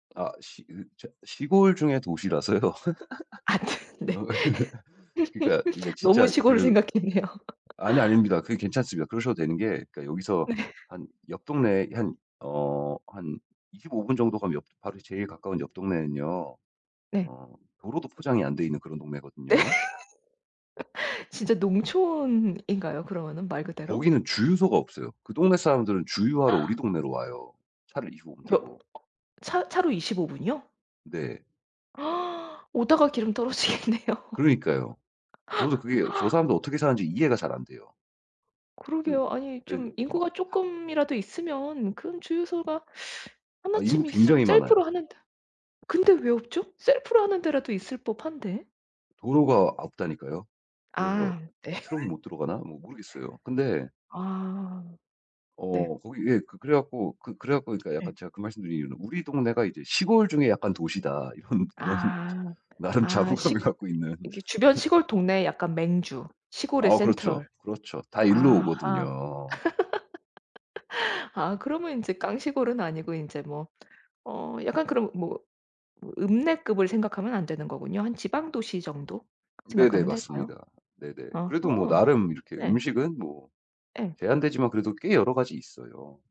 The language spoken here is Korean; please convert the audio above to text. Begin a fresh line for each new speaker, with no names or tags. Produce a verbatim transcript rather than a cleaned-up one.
아 시 이 저 시골 중의 도시라서요.
안
어
되는데.
그러니까
너무
진짜
시골을
그
생각했네요.
아니요, 아닙니다. 그게 괜찮습니다. 그러셔도 되는 게 여기서
네.
한 옆 동네 한 어 한 이십오 분 정도 가면 바로 제일 가까운 옆 동네는요.
네.
어 도로도 포장이 안 돼 있는 그런
네.
동네거든요.
진짜 농촌인가요? 그러면은 말 그대로?
거기는 주유소가 없어요. 그 동네 사람들은 주유하러 우리 동네로 와요, 차를 이십오 분
뭐
타고.
차 차로 이십오 분이요?
네.
오다가 기름 떨어지겠네요.
그러니까요. 저도 그게 저 사람들 어떻게 사는지 이해가 잘 안 돼요. 그
그러게요. 아니
예
좀
막
인구가
다
쪼끔이라도 있으면 그럼 주유소가 하나
아 인구
쯤 있을
굉장히 많아요.
셀프로 하는 데 근데 왜 없죠? 셀프로 하는 데라도 있을 법한데.
도로가 없다니까요. 그래서
아 예.
트럭이 못 들어가나? 뭐 모르겠어요. 근데
아. 네.
어 거기 예 그 그래 갖고 그 그래 갖고 그러니까
네.
약간 제가 그 말씀드린 이유는 '우리 동네가 이제 시골 중에 약간 도시다.' 이런, 이런
아
나름
아 식
자부감을 갖고 있는.
이게 주변 시골 동네에 약간 맹주, 시골의
아 그렇죠.
센트럴.
그렇죠. 다 일로
아하.
오거든요.
아 그러면 인제 깡시골은 아니고 인제 뭐 어 약간 그럼 뭐 뭐 읍내급을 생각하면 안 되는 거군요. 한 지방 도시 정도
네네
생각하면 될까요?
맞습니다. 네네.
아하.
그래도 뭐 나름 이렇게
네.
음식은 뭐
예.
제한되지만 그래도 꽤 여러 가지 있어요.